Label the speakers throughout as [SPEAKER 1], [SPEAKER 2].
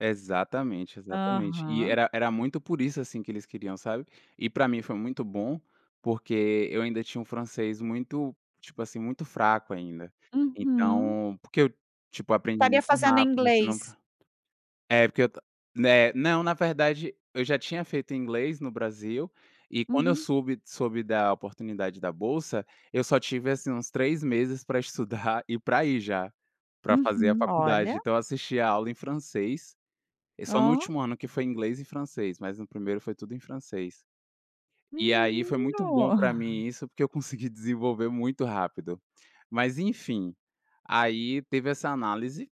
[SPEAKER 1] Exatamente, exatamente, e
[SPEAKER 2] Aham.
[SPEAKER 1] era era muito por isso assim que eles queriam, sabe. E pra mim foi muito bom, porque eu ainda tinha um francês muito, tipo assim, muito fraco ainda.
[SPEAKER 2] Uhum.
[SPEAKER 1] Então, porque eu tipo aprendi
[SPEAKER 2] Estaria
[SPEAKER 1] muito
[SPEAKER 2] fazendo
[SPEAKER 1] rápido, senão
[SPEAKER 2] inglês.
[SPEAKER 1] é porque né não, na verdade eu já tinha feito inglês no Brasil e quando eu
[SPEAKER 2] Uhum.
[SPEAKER 1] soube- soube da oportunidade da bolsa, eu só tive assim uns 3 meses para estudar e para ir já, para fazer a
[SPEAKER 2] Uhum,
[SPEAKER 1] faculdade,
[SPEAKER 2] olha.
[SPEAKER 1] então eu assistia a aula em francês e só no
[SPEAKER 2] Oh.
[SPEAKER 1] último ano que foi inglês e francês, mas no primeiro foi tudo em francês. E aí foi muito bom
[SPEAKER 2] Menino.
[SPEAKER 1] para mim isso, porque eu consegui desenvolver muito rápido. Mas enfim, aí teve essa análise,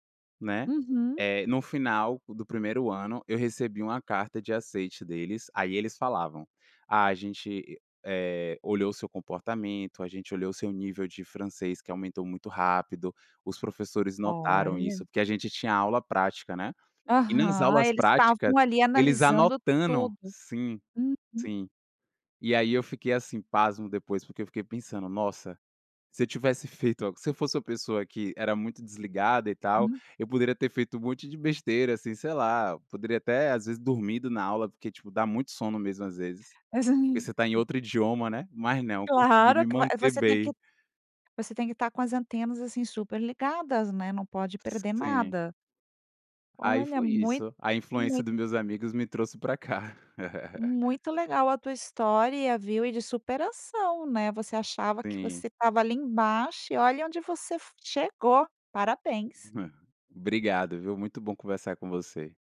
[SPEAKER 1] né,
[SPEAKER 2] Uhum.
[SPEAKER 1] eh, no final do primeiro ano eu recebi uma carta de aceite deles, aí eles falavam: “A gente, eh, olhou o seu comportamento, a gente olhou o seu nível de francês que aumentou muito rápido, os professores notaram isso”,
[SPEAKER 2] Olha.
[SPEAKER 1] porque a gente tinha aula prática, né. E nas
[SPEAKER 2] Aham
[SPEAKER 1] aulas
[SPEAKER 2] eles
[SPEAKER 1] práticas
[SPEAKER 2] estavam ali
[SPEAKER 1] eles
[SPEAKER 2] analisando
[SPEAKER 1] anotando
[SPEAKER 2] tudo.
[SPEAKER 1] sim,
[SPEAKER 2] Uhum.
[SPEAKER 1] sim, e aí eu fiquei assim pasmo depois porque eu fiquei pensando: “Nossa!”, se eu tivesse feito a se eu fosse uma pessoa que era muito desligada e tal,
[SPEAKER 2] Uhum.
[SPEAKER 1] poderia ter feito um monte de besteira assim, sei lá, eu poderia até às vezes dormido na aula porque tipo dá muito sono mesmo às vezes.
[SPEAKER 2] É sim,
[SPEAKER 1] Porque você
[SPEAKER 2] hum.
[SPEAKER 1] está em outro idioma, né, mas não consegui me
[SPEAKER 2] Claro que a
[SPEAKER 1] manter
[SPEAKER 2] você tem que
[SPEAKER 1] bem.
[SPEAKER 2] você tem que estar com as antenas assim super ligadas né não pode perder
[SPEAKER 1] Sim.
[SPEAKER 2] nada.
[SPEAKER 1] Aí
[SPEAKER 2] Olha
[SPEAKER 1] foi
[SPEAKER 2] muito
[SPEAKER 1] isso, a influência
[SPEAKER 2] muito
[SPEAKER 1] dos meus amigos me trouxe pra cá.
[SPEAKER 2] muito legal a tua história a viu e de superação né você achava que
[SPEAKER 1] Sim.
[SPEAKER 2] você estava ali embaixo e olha onde você f chegou parabéns.
[SPEAKER 1] Obrigado, viu. Muito bom conversar com você.